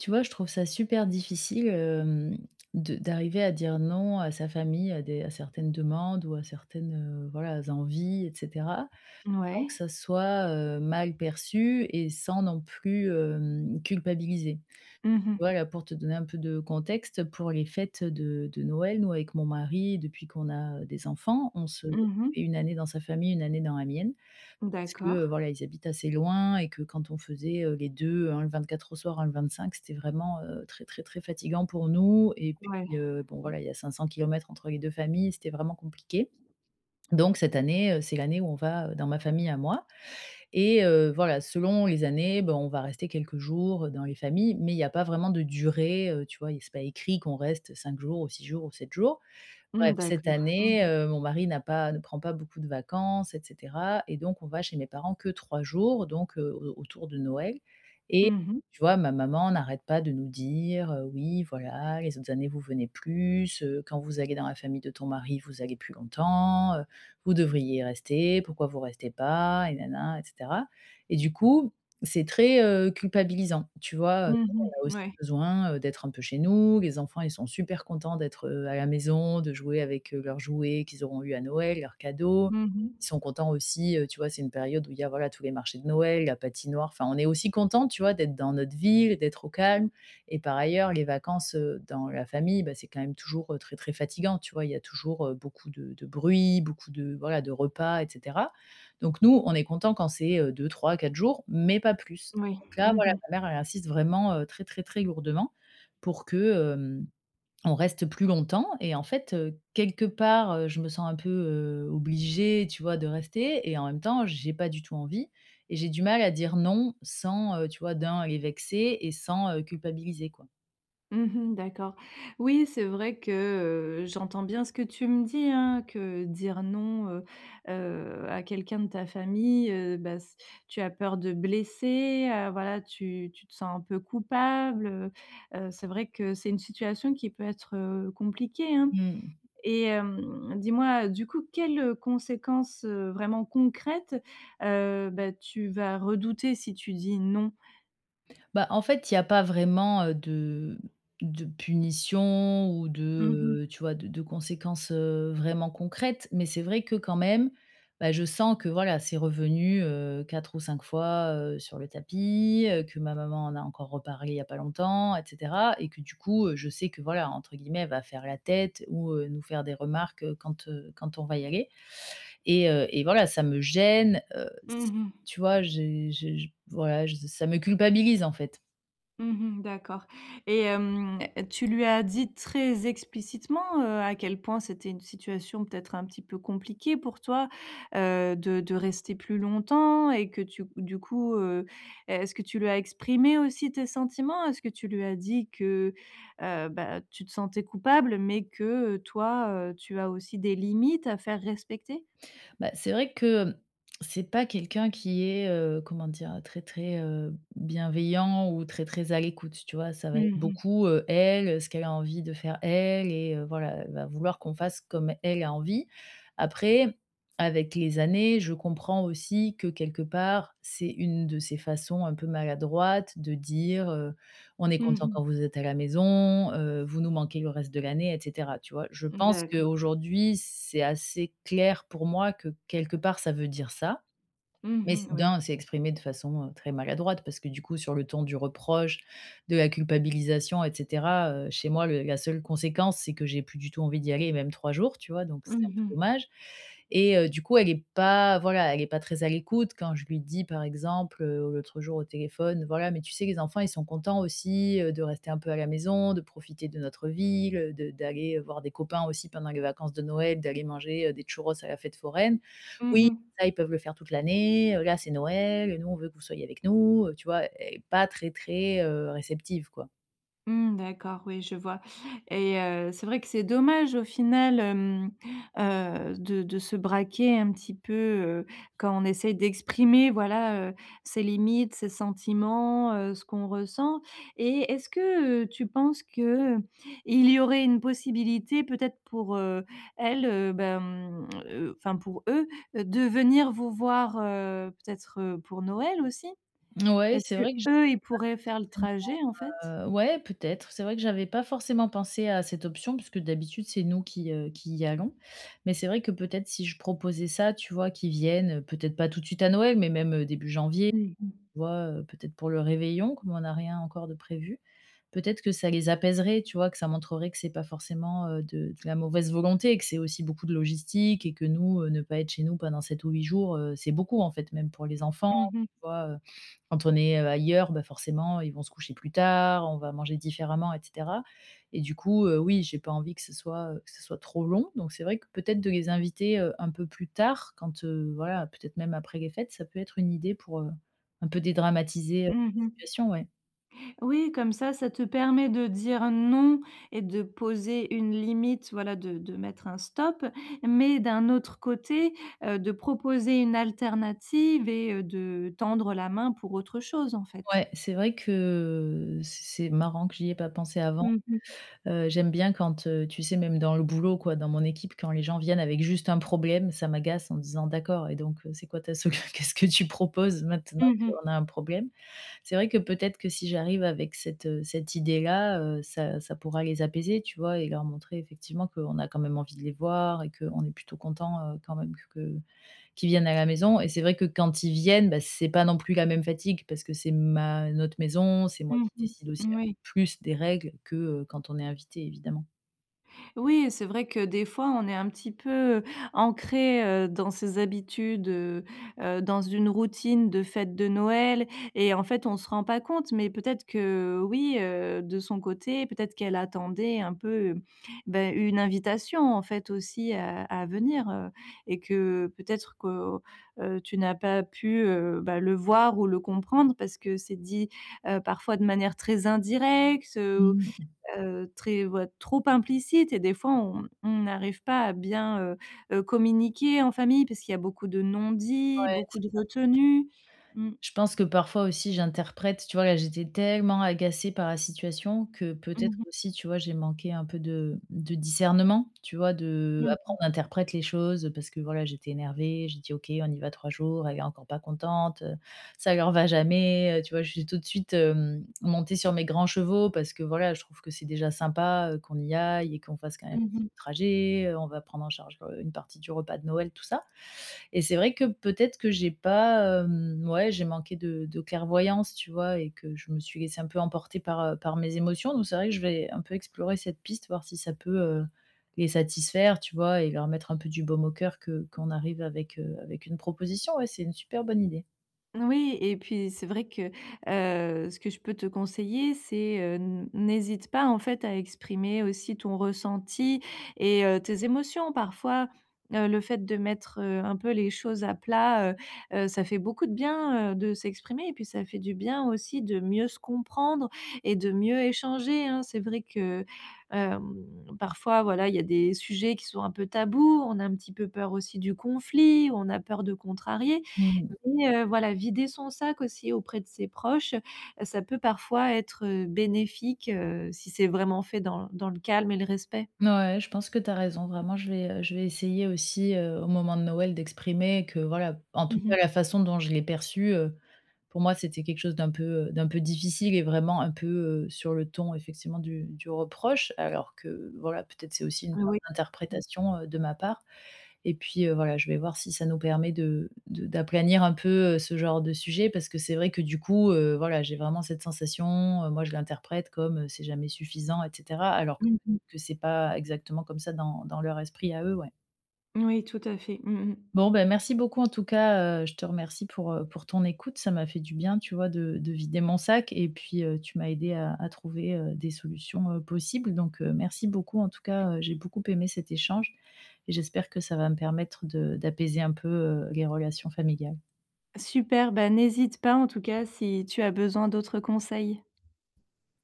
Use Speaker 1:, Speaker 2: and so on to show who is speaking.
Speaker 1: Tu vois, je trouve ça super difficile, hem, de d'arriver à dire non à sa famille, à des à certaines demandes ou à certaines, heu, voilà, envies et cetera
Speaker 2: N
Speaker 1: sans que
Speaker 2: ouais.
Speaker 1: ça soit, heu, mal perçu et sans non plus, hem, culpabiliser.
Speaker 2: Mmh
Speaker 1: Tu
Speaker 2: mh.
Speaker 1: vois, là pour te donner un peu de contexte pour les fêtes de de Noël, nous avec mon mari depuis qu'on a des enfants, on se
Speaker 2: Mmh mh.
Speaker 1: fait une année dans sa famille, une année dans la mienne. Parce que
Speaker 2: D'accord.
Speaker 1: voilà, ils habitent assez loin et que quand on faisait, heu, les deux, un le 24 au soir, un le 25 c'était vraiment, heu, très, très, très fatiguant pour nous et
Speaker 2: Ouais.
Speaker 1: puis, heu, bon
Speaker 2: Mmh.
Speaker 1: voilà, il y a 500 kilomètres entre les 2 familles, c'était vraiment compliqué. Donc cette année, heu, c'est l'année où on va dans ma famille à moi et heu, voilà selon les années, ben on va rester quelques jours dans les familles, mais il y a pas vraiment de durée, heu, tu vois, et c'est pas écrit qu'on reste 5 jours, ou 6 jours, ou 7 jours.
Speaker 2: Mmh,
Speaker 1: Bref, cette
Speaker 2: d'accord. Mmh
Speaker 1: année,
Speaker 2: mh.
Speaker 1: heu, mon mari n'a pas ne prend pas beaucoup de vacances et cetera et donc on va chez mes parents que 3 jours, donc heu, au autour de Noël et
Speaker 2: Mmh mh.
Speaker 1: tu vois ma maman n'arrête pas de nous dire: «Heu oui voilà, les autres années vous venez plus, heu, quand vous allez dans la famille de ton mari, vous allez plus longtemps. Heu, vous devriez rester, pourquoi vous restez pas?» et nin nin, et cetera, et du coup c'est très, heu, culpabilisant tu vois? Heu, nous
Speaker 2: Mmh
Speaker 1: on a
Speaker 2: mh.
Speaker 1: aussi
Speaker 2: Ouais.
Speaker 1: besoin, heu, d'être un peu chez nous, les enfants ils sont super contents d'être, heu, à la maison, de jouer avec, heu, leurs jouets qu'ils auront eu à Noël, leurs cadeaux.
Speaker 2: Mmh mh.
Speaker 1: Ils sont contents aussi, heu, tu vois c'est une période où il y a, voilà, tous les marchés de Noël, la patinoire, enfin on est aussi content tu vois d'être dans notre ville, d'être au calme et par ailleurs, les vacances, heu, dans la famille, ben c'est quand même toujours très, très fatiguant tu vois? Il y a toujours beaucoup de de bruit, beaucoup de voilà, de repas et cetera. Donc nous, on est content quand c'est heu 2-3-4 jours, mais pas plus.
Speaker 2: Oui.
Speaker 1: Donc là,
Speaker 2: Mmh
Speaker 1: voilà
Speaker 2: mh.
Speaker 1: ma mère, elle insiste vraiment, heu, très, très, très lourdement pour que, hem, on reste plus longtemps et en fait, heu, quelque part, heu, je me sens un peu, heu, obligée tu vois de rester et en même temps, j'ai pas du tout envie et j'ai du mal à dire non sans, heu, tu vois d'un, les vexer et sans, heu, culpabiliser quoi.
Speaker 2: Mmh mh, d'accord. Oui, c'est vrai que, heu, j'entends bien ce que tu me dis hein. Que dire: «Non» heu heu, à quelqu'un de ta famille, heu, bah s tu as peur de blesser, heu, voilà. Tu tu te sens un peu coupable, heu heu, c'est vrai que c'est une situation qui peut être, heu, compliquée, hein,
Speaker 1: Mmh.
Speaker 2: et hem, dis-moi du coup, quelles conséquences vraiment concrètes, heu, bah tu vas redouter si tu dis: «Non»?
Speaker 1: Bah, en fait, il y a pas vraiment, heu, de de punition ou de,
Speaker 2: Mmh mh.
Speaker 1: heu, tu vois? De de conséquences, heu, vraiment concrètes, mais c'est vrai que quand même, ben je sens que voilà, c'est revenu, heu, 4 ou 5 fois, heu, sur le tapis, heu. Que ma maman en a encore reparlé il y a pas longtemps, et cetera et que du coup, heu, je sais que voilà, entre guillemets, «Elle va faire la tête» ou, heu, nous faire des remarques, heu, quand, heu, quand on va y aller, et, heu, et voilà, ça me gêne heu,
Speaker 2: Mmh
Speaker 1: s
Speaker 2: mh.
Speaker 1: tu vois? J'ai je j voilà, je ça me culpabilise, en fait.
Speaker 2: Mmh mh d'accord, et hem, tu lui as dit très explicitement, heu, à quel point c'était une situation peut-être un petit peu compliquée pour toi, heu, de de rester plus longtemps? Et que tu du coup, heu, est-ce que tu lui as exprimé aussi tes sentiments? Est-ce que tu lui as dit que, heu, bah tu te sentais coupable, mais que, heu, toi, heu, tu as aussi des limites à faire respecter?
Speaker 1: Bah, c'est vrai que, c'est pas quelqu'un qui est, heu, comment dire? Très, très, heu, bienveillant ou très, très à l'écoute, tu vois? Ça va
Speaker 2: Mmh
Speaker 1: être
Speaker 2: mh.
Speaker 1: beaucoup, heu elle, ce qu'elle a envie de faire, elle, et, heu, voilà. Elle va vouloir qu'on fasse comme elle a envie. Après, avec les années, je comprends aussi que, quelque part, c'est une de ses façons, un peu maladroite de dire, heu: «On est
Speaker 2: Mmh
Speaker 1: contents
Speaker 2: mh.
Speaker 1: quand vous êtes à la maison, heu, vous nous manquez le reste de l'année» et cetera, tu vois? Je
Speaker 2: Mmh
Speaker 1: pense
Speaker 2: d'accord.
Speaker 1: qu'aujourd'hui, c'est assez clair pour moi que, quelque part, ça veut dire ça, mais
Speaker 2: Mmh mh,
Speaker 1: c'est
Speaker 2: oui.
Speaker 1: d'un c'est exprimé de façon, heu, très maladroite. Parce que, du coup, sur le ton du reproche, de la culpabilisation et cetera, heu, chez moi, le la seule conséquence, c'est que j'ai plus du tout envie d'y aller, même 3 jours, tu vois? Donc c'est
Speaker 2: Mmh
Speaker 1: un peu
Speaker 2: mh.
Speaker 1: dommage, et heu, du coup elle est pas. Voilà, elle est pas très à l'écoute quand je lui dis par exemple, heu, l'autre jour au téléphone, voilà: «Mais, tu sais, les enfants, ils sont contents aussi, heu, de rester un peu à la maison, de profiter de notre ville, heu, de d'aller, heu, voir des copains aussi pendant les vacances de Noël. D'aller manger, heu, des churros à la fête foraine.
Speaker 2: Mmh
Speaker 1: "Oui,
Speaker 2: mh.
Speaker 1: ça, ils peuvent le faire toute l'année, heu, là c'est Noël et nous, on veut que vous soyez avec nous"» heu, tu vois? Et pas très, très, heu, réceptive, quoi!
Speaker 2: Mmh d'accord, oui, je vois et heu, c'est vrai que c'est dommage au final, hem, heu, de de se braquer un petit peu, heu, quand on essaie d'exprimer voilà, heu, ses limites, ses sentiments, heu, ce qu'on ressent et est-ce que, heu, tu penses que, heu, il y aurait une possibilité peut-être pour, heu, elle, heu, ben mmh, heu, enfin pour eux de venir vous voir, heu, peut-être pour Noël aussi?
Speaker 1: N ouais,
Speaker 2: Est-ce
Speaker 1: c'est
Speaker 2: que
Speaker 1: vrai que je
Speaker 2: eux ils pourraient faire le
Speaker 1: pas
Speaker 2: trajet en fait?
Speaker 1: forcément, heu, ouais peut-être, c'est vrai que j'avais pas forcément pensé à cette option parce que d'habitude c'est nous qui, heu, qui y allons. Mais c'est vrai que peut-être si je proposais ça tu vois, qu'ils viennent, heu, peut-être pas tout de suite à Noël, mais même, heu, début janvier,
Speaker 2: Mmh mh.
Speaker 1: tu vois, heu, peut-être pour le réveillon comme on a rien encore de prévu. Peut-être que ça les apaiserait tu vois? Que ça montrerait que c'est pas forcément, heu, de de la mauvaise volonté et que c'est aussi beaucoup de logistique, et que nous, heu, ne pas être chez nous pendant 7 ou jours, heu, c'est beaucoup en fait, même pour les enfants
Speaker 2: Mmh mh.
Speaker 1: tu vois? Heu, quand on est, heu, ailleurs, bah, forcément, ils vont se coucher plus tard, on va manger différemment et cetera et du coup, heu, oui j'ai pas envie que ce soit, heu, que ce soit trop long, donc c'est vrai que peut-être de les inviter, heu, un peu plus tard quand, heu, voilà peut-être même après les fêtes, ça peut être une idée pour, heu, un peu dédramatiser la
Speaker 2: Mmh mh.
Speaker 1: situation ouais.
Speaker 2: Oui, comme ça, ça te permet de dire non et de poser une limite voilà de de mettre un stop, mais d'un autre côté, heu, de proposer une alternative et heu, de tendre la main pour autre chose en fait.
Speaker 1: Ouais, c'est vrai que c c'est marrant que j'y ai pas pensé avant.
Speaker 2: Mmh mh.
Speaker 1: Heu, j'aime bien quand, heu, tu sais même dans le boulot quoi, dans mon équipe quand les gens viennent avec juste un problème, ça m'agace en disant: «D'accord et donc heu, c'est quoi ta solu qu'est-ce que tu proposes maintenant
Speaker 2: Mmh mh.
Speaker 1: qu'on a un problème?» c'est vrai que peut-être que si j'arrive avec cette, heu, cette idée là, heu, ça ça pourra les apaiser tu vois et leur montrer effectivement qu'on a quand même envie de les voir et qu'on est plutôt content, heu, quand même que que, qu'ils viennent à la maison et c'est vrai que quand ils viennent, beh, c'est pas non plus la même fatigue parce que c'est ma notre maison, c'est moi
Speaker 2: Mmh
Speaker 1: qui
Speaker 2: mh.
Speaker 1: décide aussi en
Speaker 2: Moui.
Speaker 1: plus des règles que, heu, quand on est invité évidemment.
Speaker 2: Oui, et c'est vrai que des fois on est un petit peu, heu, ancrés, heu, dans ses habitudes, heu heu, dans une routine de fête de Noël et en fait, on se rend pas compte, mais peut-être que oui, heu, de son côté, peut-être qu'elle attendait un peu, bah, une invitation en fait aussi, à à venir, heu, et que peut-être que, heu, tu n'as pas pu, heu, bah, le voir ou le comprendre parce que c'est dit, heu, parfois de manière très indirecte, heu
Speaker 1: Mmh.
Speaker 2: heu, très ou heu, trop implicite et des fois on on n'arrive pas à bien, heu heu, communiquer en famille parce qu'il y a beaucoup de non-dits,
Speaker 1: Ouais,
Speaker 2: beaucoup
Speaker 1: c'est
Speaker 2: de
Speaker 1: ça.
Speaker 2: retenue, mmh.
Speaker 1: Je pense que parfois aussi j'interprète. Tu vois, là, j'étais tellement agacée par la situation que
Speaker 2: Mmh
Speaker 1: peut-être
Speaker 2: mh.
Speaker 1: aussi, tu vois, j'ai manqué un peu de de discernement, tu vois de
Speaker 2: Mmh
Speaker 1: après
Speaker 2: mh.
Speaker 1: on interprète les choses parce que, voilà, j'étais énervée, j'ai dit: «OK, on y va 3 elle est encore pas contente, heu, ça leur va jamais, heu» tu vois, je suis tout de suite, hem, montée sur mes grands chevaux parce que voilà, je trouve que c'est déjà sympa, heu, qu'on y aille et qu'on fasse quand même
Speaker 2: Mmh
Speaker 1: [unintelligible]
Speaker 2: mh.
Speaker 1: trajet, heu, on va prendre en charge, heu, une partie du repas de Noël tout ça, et c'est vrai que peut-être que j'ai pas, hem, ouais, j'ai manqué de de clairvoyance, tu vois, et que je me suis laissée un peu emporter par, heu, par mes émotions, donc c'est vrai que je vais un peu explorer cette piste, voir si ça peut, heu, les satisfaire, tu vois, et leur mettre un peu du baume au cœur, que qu'on arrive avec, heu, avec une proposition. Ouais, c'est une super bonne idée.
Speaker 2: Oui et puis c'est vrai que, heu, ce que je peux te conseiller, c'est, heu, n n'hésite pas en fait à exprimer aussi ton ressenti et heu, tes émotions. Parfois, heu, le fait de mettre, heu, un peu les choses à plat, heu heu, ça fait beaucoup de bien, heu, de s'exprimer et puis ça fait du bien aussi de mieux se comprendre et de mieux échanger, hein. C'est vrai que, hem, parfois, voilà, il y a des sujets qui sont un peu tabous, on a un petit peu peur aussi du conflit, on a peur de contrarier,
Speaker 1: Mmh.
Speaker 2: mais heu, voilà, vider son sac aussi auprès de ses proches, ça peut parfois être, heu, bénéfique, heu, si c'est vraiment fait dans dans le calme et le respect.
Speaker 1: Ouais. Je pense que tu as raison, vraiment, je vais, heu, je vais essayer aussi, heu, au moment de Noël d'exprimer que, voilà, en tout
Speaker 2: Mmh mh.
Speaker 1: cas, la façon dont je l'ai perçu, heu, pour moi, c'était quelque chose d'un peu, heu, d'un peu difficile et vraiment un peu, heu, sur le ton effectivement du du reproche alors que voilà, peut-être c'est aussi une part
Speaker 2: Oui. Mmh.
Speaker 1: d'interprétation, heu, de ma part et puis, heu, voilà, je vais voir si ça nous permet de de d'aplanir un peu, heu, ce genre de sujet parce que c'est vrai que du coup, heu, voilà, j'ai vraiment cette sensation, heu, moi je l'interprète comme c'est jamais suffisant et cetera alors que
Speaker 2: Mmh mh.
Speaker 1: peut-être que c'est pas exactement comme ça dans dans leur esprit à eux. Ouais.
Speaker 2: Oui, tout à fait. Mmh mh.
Speaker 1: Bon, bah, merci beaucoup, en tout cas, heu, je te remercie pour, heu, pour ton écoute, ça m'a fait du bien tu vois de de vider mon sac, et puis, heu, tu m'as aidé à à trouver, heu, des solutions, heu, possibles donc, heu, merci beaucoup en tout cas, heu, j'ai beaucoup aimé cet échange et j'espère que ça va me permettre de d'apaiser un peu, heu, les relations familiales.
Speaker 2: Super! Bah n'hésite pas en tout cas, si tu as besoin d'autres conseils.